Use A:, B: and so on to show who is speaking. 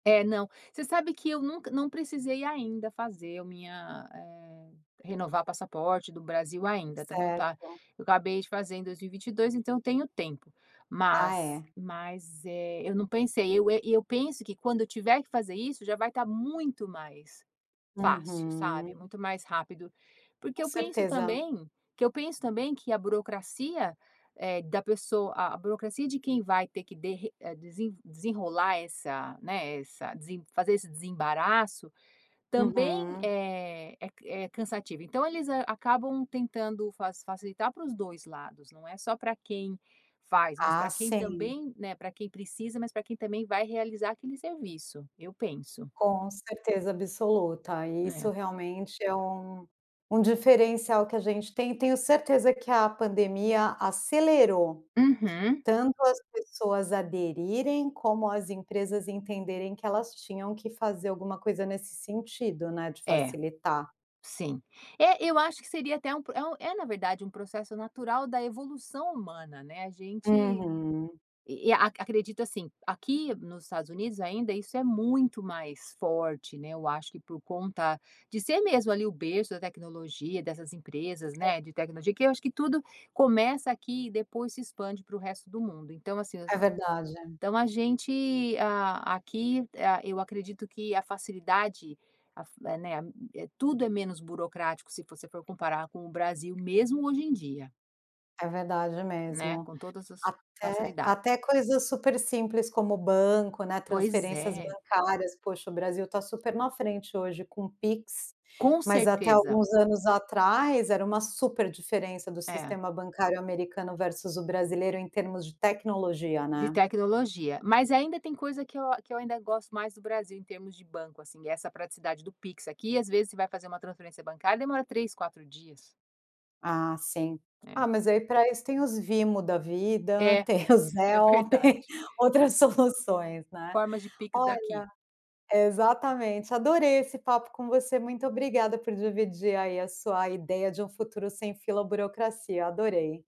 A: É, não, você sabe que eu nunca não precisei ainda fazer a minha eh, renovar passaporte do Brasil ainda, também o tá
B: Certo.
A: eu acabei de fazer em 2022, então eu tenho tempo,
B: Ah,
A: mas
B: é.
A: mas, eh, eu não pensei, eu eh, e eu penso que quando eu tiver que fazer isso já vai estar muito mais fácil, sabe,
B: Uhum.
A: muito mais rápido, porque
B: Com
A: eu penso
B: certeza.
A: também que eu penso também que a burocracia, eh, da pessoa a burocracia de quem vai ter que derre eh, desen desenrolar essa, né, essa desen fazer esse desembaraço, também,
B: Uhum.
A: eh, é ca é cansativo. Então eles, hã, acabam tentando faci facilitar para os 2 lados, não é só para quem faz, mas
B: Ah,
A: para quem
B: sim.
A: também, né, para quem precisa, mas para quem também vai realizar aquele serviço, eu penso.
B: Com certeza absoluta, e isso
A: É.
B: realmente é um um diferencial que a gente tem, e tenho certeza que a pandemia acelerou,
A: Uhum.
B: tanto as pessoas aderirem, como as empresas entenderem que elas tinham que fazer alguma coisa nesse sentido, né, de
A: É,
B: facilitar.
A: sim. É, eu acho que seria até um é um é na verdade um processo natural da evolução humana, né, a gente
B: Uhum.
A: e e acredito assim, aqui nos Estados Unidos ainda isso é muito mais forte, né, eu acho que por conta de ser mesmo ali o berço da tecnologia, dessas empresas,
B: Ce
A: né, de tecnologia, que eu acho que tudo começa aqui e depois se expande para o resto do mundo. Então, assim, os
B: É
A: a
B: verdade.
A: então a gente, ah, aqui ah, eu acredito que a facilidade, a fa eh, né tudo é menos burocrático, se você for comparar com o Brasil, mesmo hoje em dia.
B: É verdade
A: Né,
B: mesmo.
A: com todas as
B: Até
A: facilidade
B: até coisas super simples como banco, né,
A: Pois
B: transferências
A: é.
B: bancárias, poxa, o Brasil tá super na frente hoje com o PIX,
A: Com
B: mas até
A: certeza.
B: alguns anos atrás era uma super diferença do
A: É.
B: sistema bancário americano versus o brasileiro em termos de tecnologia,
A: De
B: né.
A: tecnologia, mas ainda tem coisa que eu a que eu ainda gosto mais do Brasil, em termos de banco assim, essa praticidade do PIX aqui, às vezes você vai fazer uma transferência bancária demora 3, 4 dias.
B: Ah, sim.
A: É.
B: Ah, mas aí pra isso tem os Venmo da vida,
A: É,
B: tem o
A: é
B: Zelle tem
A: verdade.
B: outras soluções né.
A: Formas de PIX
B: Olha
A: daqui.
B: exatamente, adorei esse papo com você, muito obrigada por dividir aí a sua ideia de um futuro sem fila, burocracia. Adorei.